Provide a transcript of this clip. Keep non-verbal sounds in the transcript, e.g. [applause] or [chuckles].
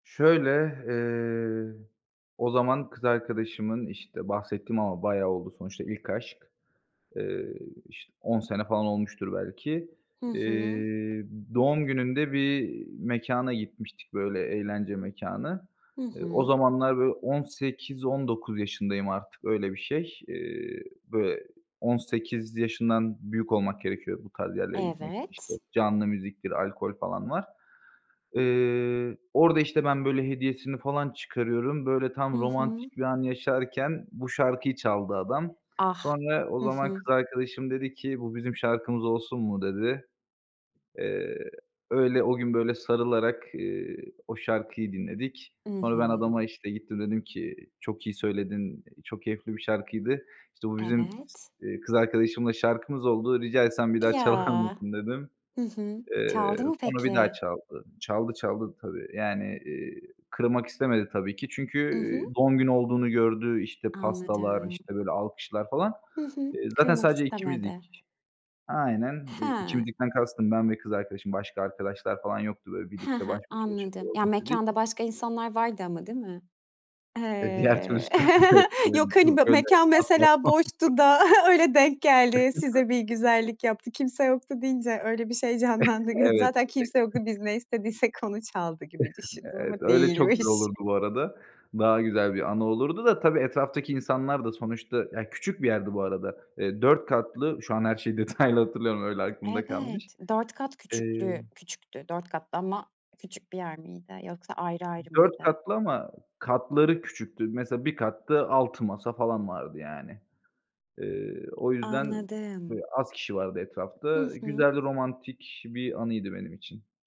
Şöyle, eee, o zaman kız arkadaşımın, işte, bahsettiğim ama bayağı oldu, sonuçta ilk aşk. Eee, işte, 10 sene falan olmuştur belki, Hı hı. eee, doğum gününde bir mekâna gitmiştik, böyle, eğlence mekânı. Hı Eee, o hı. zamanlar, böyle, 18-19 yaşındayım artık, öyle bir şey. Eee, böyle, 18 yaşından büyük olmak gerekiyor bu tarz yerlere gitmek için. İşte, Evet. canlı müziktir, alkol falan var. Eee, orada, işte, ben böyle hediyesini falan çıkarıyorum. Böyle, tam Hı hı. romantik bir an yaşarken bu şarkıyı çaldı adam. Ah. Sonra o Hı zaman hı. kız arkadaşım dedi ki, "Bu bizim şarkımız olsun mu?" dedi. Eee, öyle o gün, böyle, sarılarak, ııı, o şarkıyı dinledik. I Sonra ben hı. adama işte gittim, dedim ki, "Çok iyi söyledin, çok keyifli bir şarkıydı, işte bu bizim s Evet. eee, kız arkadaşımla şarkımız oldu, rica etsem bir daha çalar Ya. mısın?" dedim. Hı hı. Çaldı Eee, mı, sonra bir daha peki? çaldı. Çaldı, çaldı tabii. Yani, eee, kırmak istemedi tabii ki çünkü, I hı. eee, doğum günü olduğunu gördü. İşte, pastalar, Anladım. işte, böyle, alkışlar falan. Hı hı, Eee, zaten kırmak sadece istemedi. ikimizdik. Aynen, eee, Hıı. ikimizdikten kastım ben ve kız arkadaşım, başka arkadaşlar falan yoktu. Böyle, Hı birlikte hı, baş başa anladım. çıkalım Ya istedik. mekânda başka insanlar vardı ama değil mi? E, diğer He, türlüsü de. [chuckles] [chuckles] yok, hani, b mekân mesela [unintelligible] boştu da öyle denk geldi, size bir [unintelligible] güzellik yaptı, kimse yoktu deyince öyle bir şey [chuckles] canlandı gö Evet. Zaten kimse yoktu, biz ne istediysek onu çaldı gibi [chuckles] düşündüm ama Evet, öyle çok güzel değilmiş. olurdu bu arada. Daha güzel bir anı olurdu da, tabii, etraftaki insanlar da sonuçta, ya küçük bir yerdi bu arada. Eee, 4 katlı, şu an her şeyi detaylı hatırlayamıyorum, öyle aklımda kalmış. Evet, 4 kat Eee küçüklüğü küçüktü 4 katlı ama küçük bir yer miydi yoksa ayrı ayrı 4 mıydı? katlı ama katları küçüktü. Mesela, bir katta 6 masa falan vardı, yani. Eee, o yüzden böyle Anladım. az kişi vardı Hı etrafta. hı. Güzel, romantik bir anıydı benim için.